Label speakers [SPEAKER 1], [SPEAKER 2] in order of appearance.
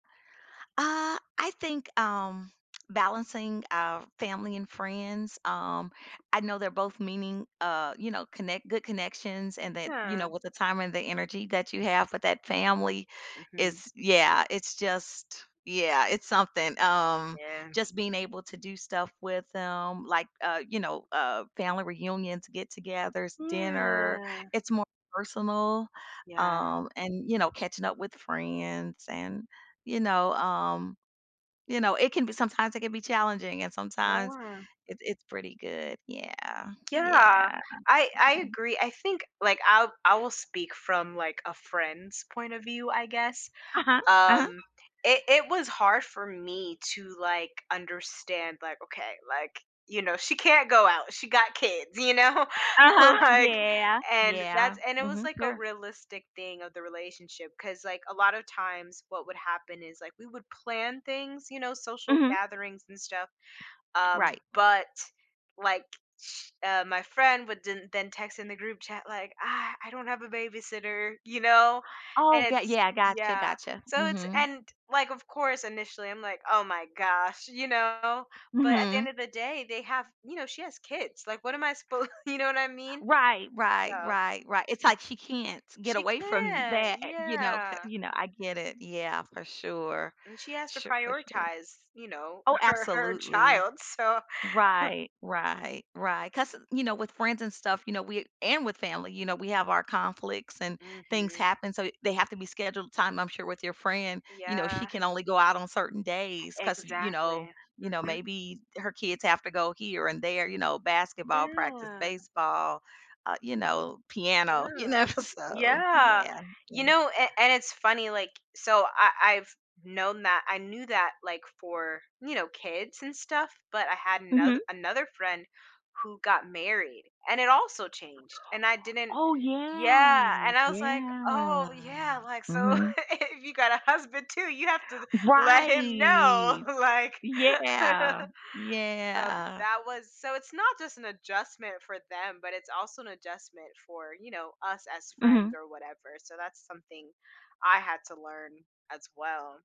[SPEAKER 1] Uh, I think, um, balancing, uh, family and friends, um, I know they're both meaning, uh, you know, connect good connections and that, you know,
[SPEAKER 2] Yeah.
[SPEAKER 1] with the time and the energy that you have with that family.
[SPEAKER 2] Mhm.
[SPEAKER 1] It's yeah, it's just, yeah, it's something, um,
[SPEAKER 2] Yeah.
[SPEAKER 1] just being able to do stuff with them like, uh, you know, uh, family reunions, get-togethers, dinner,
[SPEAKER 2] Yeah.
[SPEAKER 1] it's more personal.
[SPEAKER 2] Yeah.
[SPEAKER 1] Um, and, you know, catching up with friends and, you know, um, you know, it can b sometimes it can be challenging and sometimes
[SPEAKER 2] Yeah.
[SPEAKER 1] it's it's pretty good. Yeah, yeah,
[SPEAKER 2] Yeah,
[SPEAKER 1] yeah.
[SPEAKER 2] I I agree. I think like I'll I will speak from like a friend's point of view, I guess.
[SPEAKER 1] Uh-huh, uh-huh.
[SPEAKER 2] Um, it it was hard for me to like understand, like, "Okay," like, you know, "she can't go out, she got kids," you know,
[SPEAKER 1] Uh-huh,
[SPEAKER 2] like,
[SPEAKER 1] yeah,
[SPEAKER 2] and
[SPEAKER 1] yeah,
[SPEAKER 2] that's and it was
[SPEAKER 1] mhm,
[SPEAKER 2] like a
[SPEAKER 1] sure.
[SPEAKER 2] realistic thing of the relationship. 'Cause, like, a lot of times what would happen is like we would plan things, you know, social
[SPEAKER 1] Mhm.
[SPEAKER 2] gatherings and stuff. Um,
[SPEAKER 1] Right. Mm.
[SPEAKER 2] but like, uh, my friend would den then text in the group chat like, "Ah, I don't have a babysitter," you know,
[SPEAKER 1] Oh,
[SPEAKER 2] and
[SPEAKER 1] 'kay,
[SPEAKER 2] it's
[SPEAKER 1] yeah, I gotcha,
[SPEAKER 2] yeah,
[SPEAKER 1] gotcha.
[SPEAKER 2] so it's
[SPEAKER 1] Mhm.
[SPEAKER 2] and like, of course, initially I'm like, "Oh my gosh," you know, but at the end
[SPEAKER 1] Mhm.
[SPEAKER 2] of the day, they have you know, she has kids. Like, what am I suppo you know what I mean?
[SPEAKER 1] Right, right,
[SPEAKER 2] So
[SPEAKER 1] right, right, it's like she can't get
[SPEAKER 2] She
[SPEAKER 1] away from
[SPEAKER 2] can't,
[SPEAKER 1] that, you know, 'ca
[SPEAKER 2] yeah.
[SPEAKER 1] you know, I get it, yeah, for sure.
[SPEAKER 2] And she has to
[SPEAKER 1] Sh for sure.
[SPEAKER 2] prioritize, you know,
[SPEAKER 1] Oh,
[SPEAKER 2] her her
[SPEAKER 1] absolutely.
[SPEAKER 2] child, so
[SPEAKER 1] Right, right, right. 'Cause, you know, with friends and stuff, you know, we and with family, you know, we have our conflicts and things
[SPEAKER 2] Mhm.
[SPEAKER 1] happen, so they have to be scheduled time I'm sure with your friend, you know,
[SPEAKER 2] Yeah.
[SPEAKER 1] she can only go out on certain days cause, you know,
[SPEAKER 2] Exactly,
[SPEAKER 1] you know,
[SPEAKER 2] mhm.
[SPEAKER 1] maybe her kids have to go here and there, you know, basketball practice,
[SPEAKER 2] Yeah.
[SPEAKER 1] baseball, uh, you know, piano, you
[SPEAKER 2] Yeah,
[SPEAKER 1] know, so,
[SPEAKER 2] yeah,
[SPEAKER 1] yeah,.
[SPEAKER 2] you
[SPEAKER 1] [unintelligible]
[SPEAKER 2] know, a and it's funny, like, so I I've known that I knew that like for, you know, kids and stuff, but I had anoth
[SPEAKER 1] Mhm.
[SPEAKER 2] another friend who got married, and it also changed, and I didn't
[SPEAKER 1] Oh
[SPEAKER 2] yeah,
[SPEAKER 1] yeah,
[SPEAKER 2] and I was like, "Oh
[SPEAKER 1] yeah,
[SPEAKER 2] yeah," like, "so
[SPEAKER 1] mhm.
[SPEAKER 2] if you got a husband too, you have to let him know,"
[SPEAKER 1] Right.
[SPEAKER 2] like.
[SPEAKER 1] Yeah.
[SPEAKER 2] So
[SPEAKER 1] Yeah.
[SPEAKER 2] that was so it's not just an adjustment for them, but it's also an adjustment for, you know, us as friends
[SPEAKER 1] Mhm.
[SPEAKER 2] or whatever. So that's something I had to learn as well.